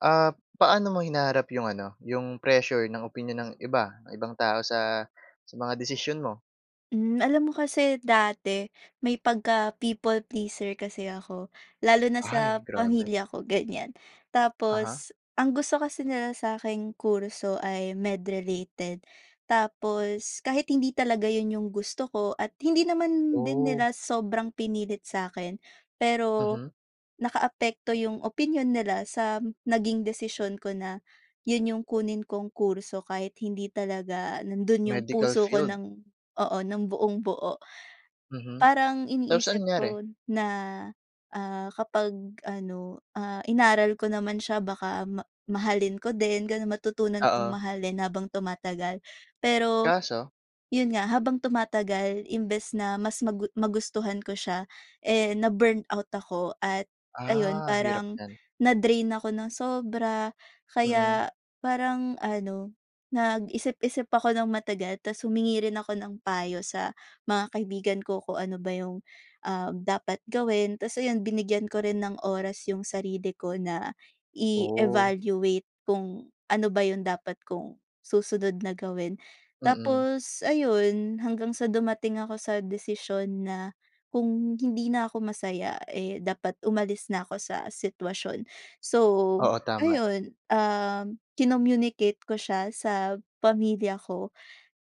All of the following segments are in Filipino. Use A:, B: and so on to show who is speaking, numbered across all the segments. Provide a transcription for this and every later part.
A: Ah, paano mo hinaharap yung ano, yung pressure ng opinyon ng iba, ng ibang tao sa, sa mga desisyon mo?
B: Mm, alam mo kasi dati may pagka people pleaser kasi ako, lalo na
A: Ay,
B: sa
A: grabe.
B: pamilya ko ganyan.
A: Uh-huh.
B: Tapos, ang gusto kasi nila sa aking kurso ay med related, tapos kahit hindi talaga iyon iyong gusto ko at hindi naman din
A: Oh.
B: nila sobrang pinilit sa akin. Pero,
A: Mhm.
B: nakaapekto yung opinyon nila sa naging desisyon ko na, iyun iyung kunin kong kurso kahit hindi talaga nandoon yung
A: Medical
B: puso ko
A: field.
B: ng oo, ng buong-buo.
A: Mhm,
B: Parang
A: tapos anong
B: iniisip
A: nangyari?
B: ko na, ah, kapag ano, ah, inaral ko naman siya baka ma mahalin ko din ganoon, matutunan kong
A: Oo.
B: mahalin habang tumatagal. Pero,
A: Kaso?
B: iyon nga, habang tumatagal imbes na mas magu magustuhan ko siya eh, na-burn out ako at, ayon
A: Ah, hirap
B: parang,
A: niyan.
B: na-drain ako ng sobra.
A: Mm.
B: Kaya, parang ano, nag-isip-isip ako ng matagal tapos humingi rin ako ng payo sa mga kaibigan ko kung ano ba yung, um, dapat gawin. Tapos ayon, binigyan ko rin ng oras yung sarili ko na
A: Oh.
B: i-evaluate kung ano ba iyon dapat kong, susunod na gawin.
A: Mm.
B: Tapos, ayun hanggang sa dumating ako sa desisyon na, kung hindi na ako masaya eh, dapat umalis na ako sa sitwasyon. So,
A: Oo, tama.
B: ayun um, kinommunicate ko siya sa pamilya ko.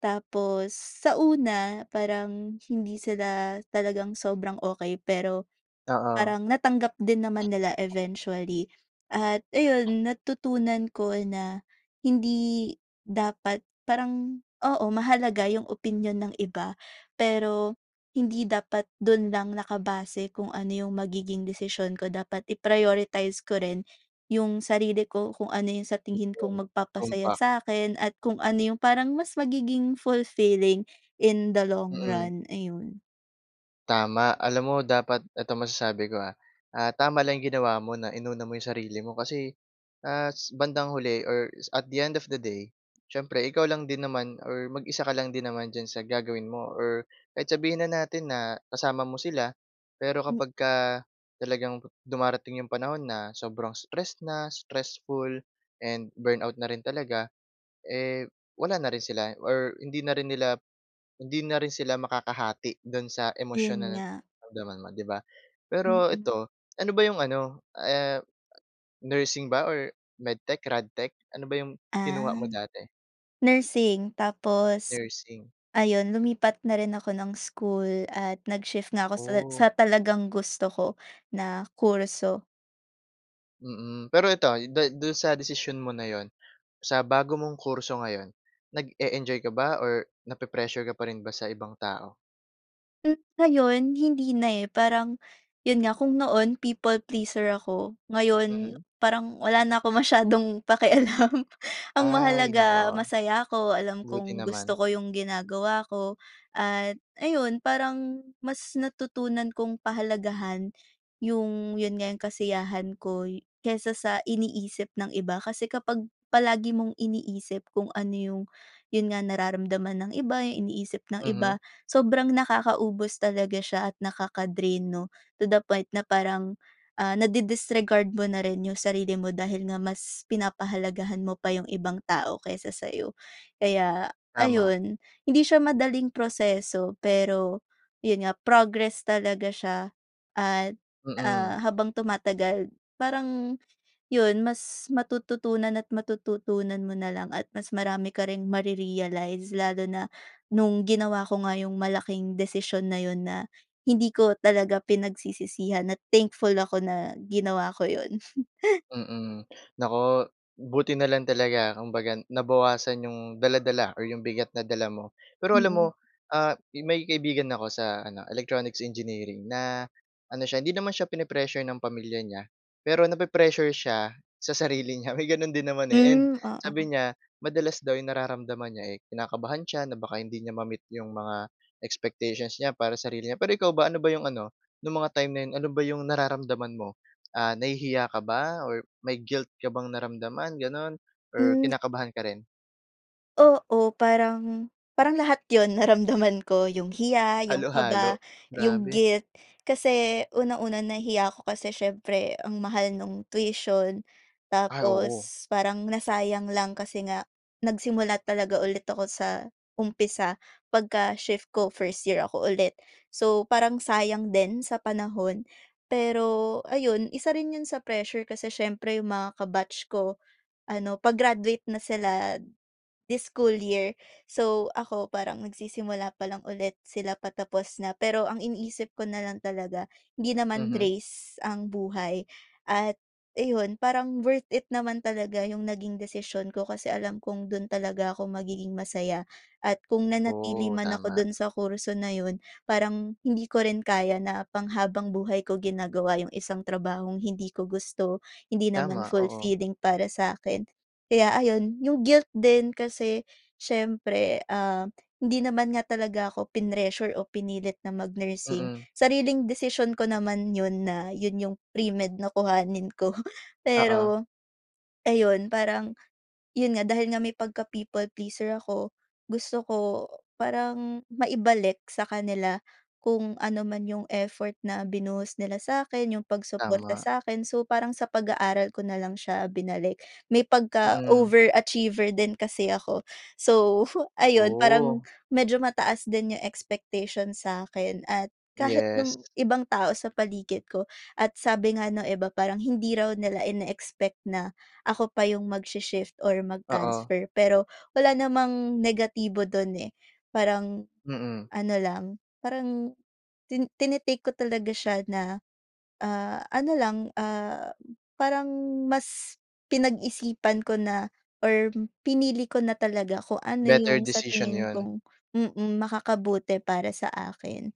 B: Tapos, sa una parang hindi sila talagang sobrang okey, pero,
A: Oo.
B: parang natanggap din naman nila eventually. At ayun natutunan ko na, hindi, dapat parang, oo, mahalaga yung opinyon ng iba, pero hindi dapat dun lang nakabase kung ano yung magiging desisyon ko dapat i-prioritize ko rin yung sarili ko kung ano iyung sa tingin
A: 'Yon,
B: kong magpapasaya
A: tumpak.
B: sa akin, at kung ano yung parang mas magiging fulfilling, in the long
A: Mm.
B: run, ayun.
A: Tama. Alam mo dapat eto masasabi ko ha, ah, tama lang 'yong ginawa mo na inuna mo 'yong sarili mo, kasi, as, bandang huli, or at the end of the day, siyempre ikaw lang din naman or mag-isa ka lang din naman diyan sa gagawin mo or kahit sabihin na natin na, kasama mo sila, pero
B: Mm.
A: kapagka talagang, dumarating 'yong panahon na sobrang stress na, stressful, and burn out na rin talaga, eh, wala na rin sila. Or hindi na rin nila, hindi na rin sila makakahati, do'n sa emosyon
B: 'Yon
A: na
B: nga.
A: naramdaman mo, 'di ba? Pero
B: Mm.
A: ito, ano ba 'yong ano, ah, nursing ba, or medtech, radtech, ano ba 'yong kinuha
B: Ah.
A: mo dati?
B: Nursing tapos,
A: Nursing.
B: ayun, lumipat na rin ako ng school, at nag-shift nga ako sa sa
A: Oh.
B: talagang gusto ko, na kurso.
A: Mm. Pero ito, do do'n sa desisyon mo na 'yon, sa bago mong kurso ngayon, nag-e-enjoy ka ba or na-pe-pressure ka pa rin ba sa ibang tao?
B: Mm, ngayon hindi na, eh, parang, ’yon nga, kung noon people pleaser ako, ngayon,
A: Mhm.
B: parang wala na akong masyadong pakialam. Ang
A: Ay,
B: mahalaga
A: naku.
B: masaya ako, alam
A: Buti
B: kong gusto
A: naman.
B: ko ’yong ginagawa ko, at ayun, parang mas natutunan kong pahalagahan ’yong, ’yon nga, ’yong kasiyahan ko y kaysa sa iniisip ng iba. Kasi kapag palagi mong iniisip kung ano ’yong, ’yon nga, nararamdaman ng iba, ’yong iniisip ng
A: Mhm.
B: iba, sobrang nakakaubos talaga siya at nakaka-drain, ’no. To the point na parang, ah, na di-disregard mo na rin ’yong sarili mo dahil nga mas pinapahalagahan mo pa ’yong ibang tao kaysa sa’yo. Kaya
A: Tama.
B: ayon, hindi siya madaling proseso, pero ’yon nga, progress talaga siya at,
A: Mm.
B: ah, habang tumatagal, parang ’yon, mas matututunan at matututunan mo na lang at mas marami ka ring ma-re-realize, lalo na no'ng ginawa ko nga ’yong malaking desisyon na ’yon na, hindi ko talaga pinagsisisihan, at thankful ako na ginawa ko ’yon.
A: Mm. Naku, buti na lang talaga, kumbaga nabawasan 'yong dala-dala, or 'yong bigat na dala mo. Pero alam mo,
B: Mm.
A: ah, may kaibigan ako sa ano, electronics engineering, na, ano siya, hindi naman siya pini-pressure ng pamilya niya, pero na-pi-pressure siya sa sarili niya. May gano'n din naman, eh. And
B: Mm,
A: sabi
B: oo.
A: niya, madalas daw 'yong nararamdaman niya, eh, kinakabahan siya na baka hindi niya ma-meet 'yong mga expectations niya para sarili niya. Pero ikaw ba, ano ba 'yong ano, no'ng mga time na 'yon, ano ba 'yong nararamdaman mo? Ah, nahihiya ka ba, or may guilt ka bang naramdaman, gano'n, or
B: Mm,
A: kinakabahan ka rin?
B: Oo. Parang, parang lahat 'yon naramdaman ko. 'Yong hiya, 'yong kaba,
A: Halo-halo,
B: 'yong
A: grabe.
B: guilt. Kasi unang-una, nahiya ako kasi siyempre ang mahal nung tuition
A: Ah, oo.
B: tapos parang nasayang lang kasi nga, nagsimula talaga ulit ako sa umpisa pagka-shift ko, first year ako ulit. So, parang sayang din sa panahon. Pero ayun, isa rin 'yon sa pressure kasi siyempre 'yong mga ka-batch ko ano, pa-graduate na sila this school year, so, ako parang nagsisimula pa lang ulit sila patapos na. Pero ang iniisip ko na lang talaga, hindi naman
A: Mhm.
B: race ang buhay at ayun, parang worth it naman talaga 'yong naging desisyon ko kasi alam kong dun talaga ako magiging masaya. At kung nanatili
A: Oh,
B: man ako
A: tama.
B: dun sa kurso na 'yon parang hindi ko rin kaya na pang habang buhay ko ginagawa 'yong isang trabahong hindi ko gusto, hindi naman
A: Tama, oo.
B: fullfilling para sa akin, kaya ayun. 'Yong guilt din, kasi siyempre, ah, hindi naman nga talaga ako pinressure o pinilit na mag-nursing.
A: Mm.
B: Sariling desisyon ko naman 'yon na 'yon 'yong pre-med na kuhanin ko.
A: Oo.
B: Pero ayun, parang yun nga, dahil nga may pagka people pleaser ako gusto ko parang maibalik sa kanila kung ano man yung effort na binuhos nila sa'kin, yung pagsuporta
A: Tama.
B: sa'kin. So, parang sa pag-aaral ko nalang siya binalik. May pagka
A: Mm.
B: over achiever din kasi ako. So, ayun, parang
A: Oh.
B: medyo mataas din yung expectation sa'kin, at kahit
A: Yes.
B: nung ibang tao sa paligid ko. At sabi nga ng iba, parang hindi raw nila ine-expect na ako pa yung magsi-shift or
A: Oo.
B: mag-transfer. Pero, wala namang negatibo dun, eh. Parang
A: Mm.
B: ano lang, parang tin tini-take ko talaga siya na, ah, ano lang, ah, parang mas pinag-isipan ko na or pinili ko na talaga kung ano
A: Better
B: yung sa
A: decision
B: tingin
A: yun.
B: kong mm, makakabuti para sa akin,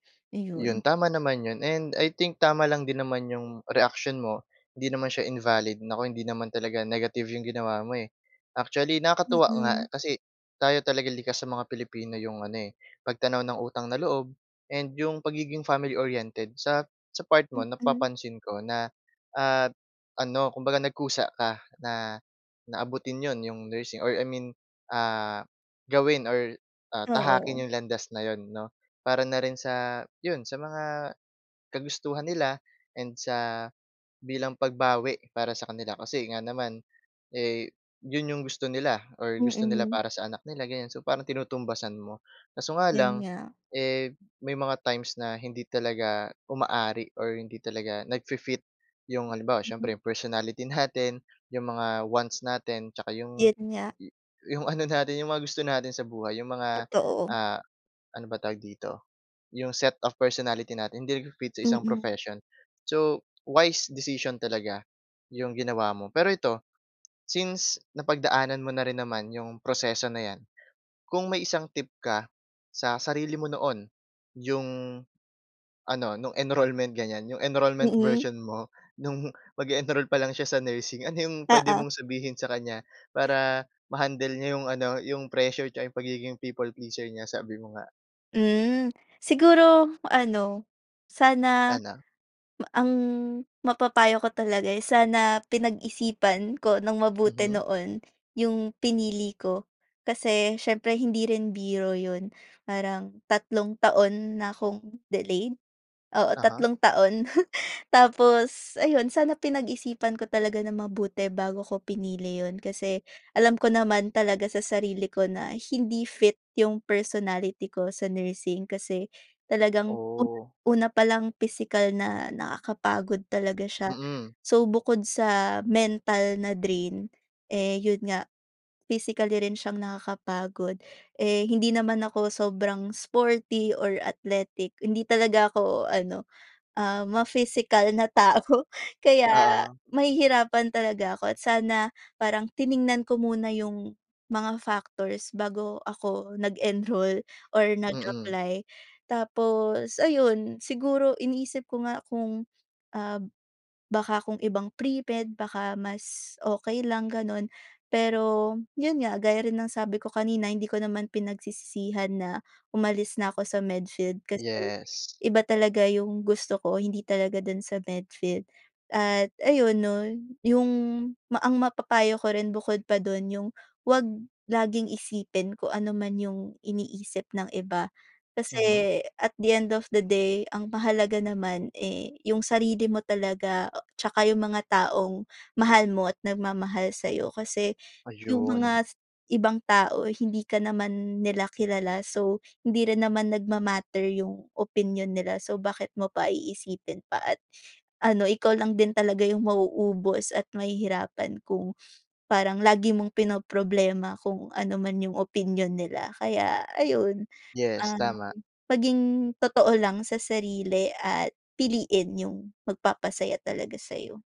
A: 'Yon,
B: ayun.
A: tama naman 'yon. And I think tama lang din naman 'yong reaksyon mo, hindi naman siya invalid. Naku, hindi naman talaga negative 'yong ginawa mo, eh. Actually, nakakatuwa nga
B: Mm.
A: kasi tayo talaga likas sa mga Pilipino 'yong ano, eh, pagtanaw ng utang na loob and 'yong pagiging family oriented. Sa sa part mo,
B: Mm.
A: napapansin ko na at ano, kumbaga nagkusa ka na na abutin 'yon, 'yong nursing or I mean, ah, gawin or, ah, tahakin
B: Oo.
A: 'yong landas na 'yon 'no. Para na rin sa 'yon, sa mga kagustuhan nila and sa bilang pagbawi para sa kanila kasi nga naman, eh, 'yon 'yong gusto nila or gusto nila
B: Mm.
A: para sa anak nila, ganyan. So, parang tinutumbasan mo. Kaso nga
B: 'Yon
A: lang,
B: nga.
A: eh, may mga times na hindi talaga umaari or hindi talaga nagfi-fit 'yong halimbawa,
B: Mm.
A: siyempre 'yong personality natin, 'yong mga wants natin 'tsaka 'yong
B: 'Yon nga.
A: 'yong ano natin, 'yong mga gusto natin sa buhay. 'Yong mga,
B: Totoo.
A: ah, ano ba tawag dito? 'Yong set of personality natin hindi nagpi-fit sa isang
B: Mm.
A: profession. So, wise decision talaga 'yong ginawa mo. Pero ito, since napagdaanan mo na rin naman 'yong proseso na 'yan. Kung may isang tip ka sa sarili mo noon, yung ano, no'ng enrollment, ganyan, 'yong enrollment
B: Mm.
A: version mo, nung mag-e-enroll pa lang siya sa nursing. Ano 'yong puwede
B: Oo.
A: mong sabihin sa kanya para ma-handle niya 'yong ano, 'yong pressure 'tsaka 'yong pagiging people pleasure niya, sabi mo nga.
B: Hmm. Siguro ano, sana
A: Ano?
B: ang mapapayo ko talaga, eh, sana pinag-isipan ko nang mabuti
A: Mhm.
B: noon 'yong pinili ko. Kasi siyempre hindi rin biro 'yon. Parang tatlong taon na akong delayed? Oo,
A: Uh-huh.
B: tatlong taon. Tapos ayun, sana pinag-isipan ko talaga nang mabuti bago ko pinili 'yon kasi, alam ko naman talaga sa sarili ko na hindi fit 'yong personality ko sa nursing. Kasi, talagang u
A: Oh.
B: una pa lang, pisikal na nakakapagod talaga siya.
A: Mm.
B: So, bukod sa mental na drain, eh, yun nga physically rin siyang nakakapagod. Eh, hindi naman ako sobrang sporty or athletic. Hindi talaga ako ano, ah, ma-physical na tao. Kaya
A: Oo.
B: mahihirapan talaga ako at sana parang tiningnan ko muna 'yong mga factors bago ako nag-enroll or
A: Mm.
B: nag-apply. Tapos ayun, siguro iniisip ko nga kung, ah, baka kung ibang premed, baka mas okey lang gano'n. Pero, 'yon nga, gaya rin ng sabi ko kanina, hindi ko naman pinagsisisihan na umalis na ako sa med field kasi
A: Yes.
B: iba talaga yung gusto ko. Hindi talaga do'n sa med field. At ayun 'no, yung ma ang mapapayo ko rin bukod pa do'n, yung 'wag laging isipin kung ano man yung iniisip ng iba.
A: Mhm.
B: Kasi at the end of the day, ang mahalaga naman, eh, yung sarili mo talaga tsaka yung mga taong mahal mo at nagmamahal sa'yo. Kasi yung
A: Ayun.
B: mga ibang tao, hindi ka naman nila kilala, so hindi rin naman nagma-matter yung opinyon nila. So bakit mo pa iisipin pa at ano, ikaw lang din talaga yung mauubos at mahihirapan kung parang lagi mong pinoproblema kung ano man yung opinyon nila. Kaya ayun,
A: Yes,
B: um,
A: tama.
B: maging totoo lang sa sarili at piliin yung magpapasaya talaga sa'yo.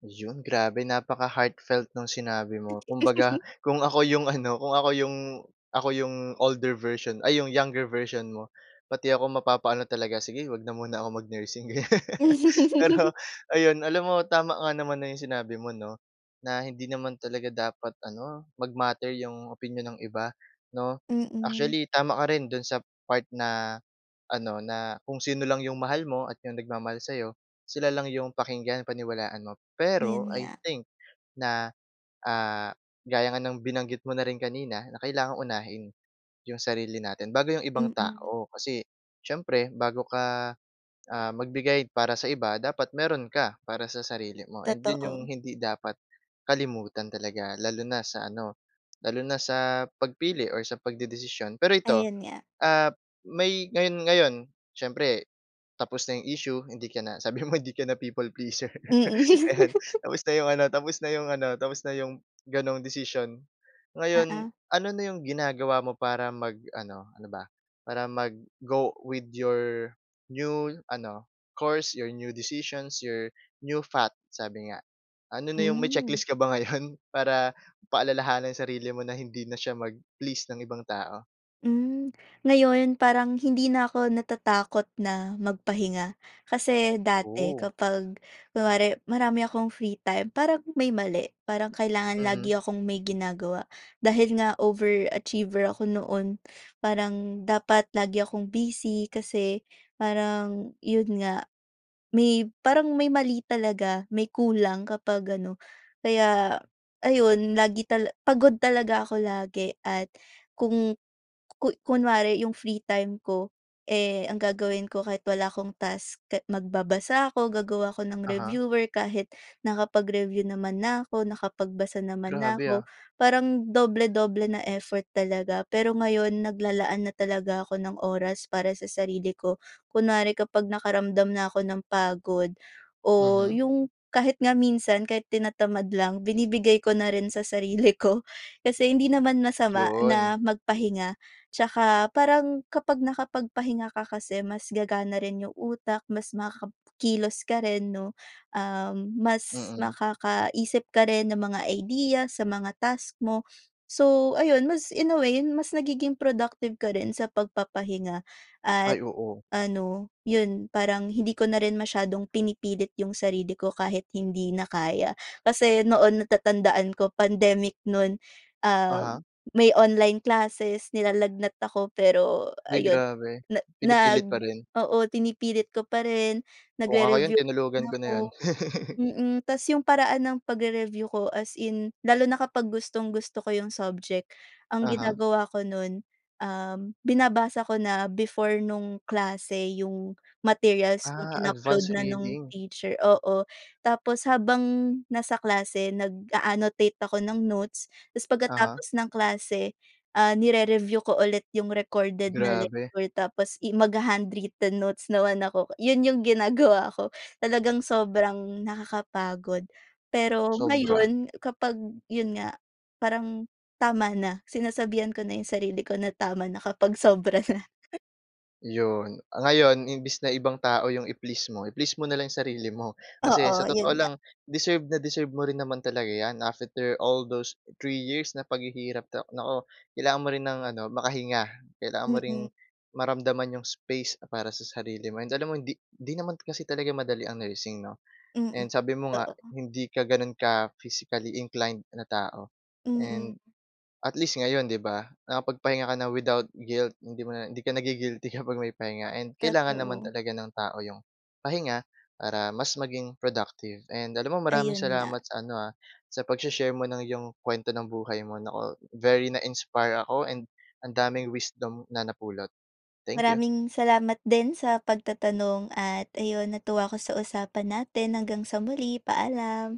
A: 'Yon, grabe napaka-heartfelt ng sinabi mo. Kumbaga kung ako yung ano, kung ako yung ako yung older version ay, yung younger version mo, pati ako mapapaano talaga, "Sige, 'wag na muna ako mag-nursing," ganyan. Pero ayun, alam mo, tama nga naman na yung sinabi mo, 'no, na hindi naman talaga dapat ano, mag-matter yung opinyon ng iba, 'no?
B: Mm.
A: Actually, tama ka rin do'n sa part na ano, na kung sino lang yung mahal mo at yung nagmamahal sa'yo, sila lang yung pakinggan, paniwalaan mo.
B: 'Yon
A: Pero, I
B: nga.
A: think, na, ah, gaya nga ng binanggit mo na rin kanina na kailangang unahin yung sarili natin bago yung ibang
B: Mm.
A: tao. Kasi siyempre bago ka, ah, magbigay para sa iba, dapat meron ka para sa sarili mo, and 'yon yung
B: Totoo.
A: hindi dapat kalimutan talaga lalo na sa ano, lalo na sa pagpili o sa pagdedesisyon. Pero ito,
B: Ayun nga.
A: ah, may ngayon, ngayon, siyempre tapos na yung issue, hindi ka na sabi mo hindi ka na people pleaser,
B: Mm.
A: ayan, tapos na yung ano, tapos na yung ano, tapos na yung gano'n desisyon. Ngayon,
B: Oo.
A: ano na yung ginagawa mo para mag-ano, ano ba? Para mag-go with your new ano, course, your new decisions, your new path sabi nga. Ano na yung may
B: Mm.
A: checklist ka ba ngayon, para paalalahanan ang sarili mo na hindi na siya mag-please ng ibang tao?
B: Hmm. Ngayon, parang hindi na ako natatakot na magpahinga. Kasi, dati
A: Oh.
B: kapag kunwari marami akong free time, parang may mali, parang kailangan
A: Mhm.
B: lagi akong may ginagawa. Dahil nga over achiever ako noon, parang dapat lagi akong busy. Kasi, parang 'yon nga, may parang may mali talaga, may kulang kapag ano. Kaya ayun, lagi tal pagod talaga ako lagi at kung ku kunwari yung free time ko, eh, ang gagawin ko kahit wala akong task, ka magbabasa ako, gagawa ako ng
A: Uh-huh.
B: reviewer kahit nakapag-review naman na ako, nakapagbasa naman na
A: Grabe,
B: ako.
A: ah.
B: Parang doble-doble na effort talaga. Pero ngayon, naglalaan na talaga ako ng oras para sa sarili ko. Kunwari kapag nakaramdam na ako ng pagod o
A: Mhm.
B: yung kahit nga minsan kahit tinatamad lang, binibigay ko na rin sa sarili ko. Kasi hindi naman masama
A: 'Yon.
B: na magpahinga. Tsaka parang kapag nakapagpahinga ka kasi mas gagana rin yung utak, mas makakakilos ka rin 'no, um, mas
A: Mm.
B: makakaisip ka rin ng mga idea sa mga task mo. So, ayun mas in a way, mas nagiging productive ka rin sa pagpapahinga at
A: Ay, oo.
B: ano, yun, parang hindi ko na rin masyadong pinipilit yung sarili ko kahit hindi na kaya. Kasi noon natatandaan ko pandemic no'n, ah,
A: Uh-huh.
B: may online classes, nilalagnat ako pero
A: Uy,
B: ayun
A: grabe.
B: na nag
A: Pinipilit pa rin.
B: oo, pinipilit ko pa rin,
A: Kung ako yun,
B: nagre-review pa rin
A: tinulugan ko na
B: ako
A: yun.
B: mm. Ta's yung paraan ng pagre-review ko as in lalo na kapag gustong-gusto ko yung subject. Ang
A: Uh-huh.
B: ginagawa ko no'n, um, binabasa ko na before nung klase yung materials kung
A: Ah,
B: in-upload
A: advanced
B: na nung
A: reading.
B: teacher oo. Tapos habang nasa klase nag-a-annotate ako ng notes ta's
A: Uh-huh.
B: pagkatapos ng klase, ah, nire-review ko ulit yung recorded na
A: Grabe.
B: lecture tapos i magha-handwritten notes naman ako. Yun yung ginagawa ko, talagang sobrang nakakapagod. Pero
A: Sobra.
B: ngayon, kapag yun nga, parang tama na. Sinasabihan ko na yung sarili ko na tama na kapag sobra na.
A: 'Yon. Ah, ngayon imbes na ibang tao yung i-please mo, i-please mo na lang sarili mo. Kasi sa
B: Oo,
A: totoo
B: yun nga.
A: lang, deserve na deserve mo rin naman talaga 'yan, after all those 3 years na paghihirap, na nako, kailangan mo rin ng ano, makahinga. Kailangan mo ring
B: Mm.
A: maramdaman yung space para sa sarili mo. And alam mo hindi hindi naman kasi talaga madali ang nursing 'no,
B: Mm.
A: and sabi mo nga,
B: Oo.
A: hindi ka gano'n ka physically inclined na tao.
B: Mm.
A: And, at least ngayon 'di ba, nakapagpahinga ka na without guilt. Hindi mo na hindi ka nagi-guilty kapag may pahinga. And, kailangan naman
B: Totoo.
A: talaga ng tao yung pahinga para mas maging productive. And, alam mo maraming
B: Ayon nga.
A: salamat sa ano, ha, sa pagshe-share mo ng yung kuwento ng buhay mo. Nako, very na-inspire ako and ang daming wisdom na napulot. Thank you.
B: Maraming salamat din sa pagtatanong. At ayon, natuwa ako sa usapan natin. Hanggang sa muli, paalam.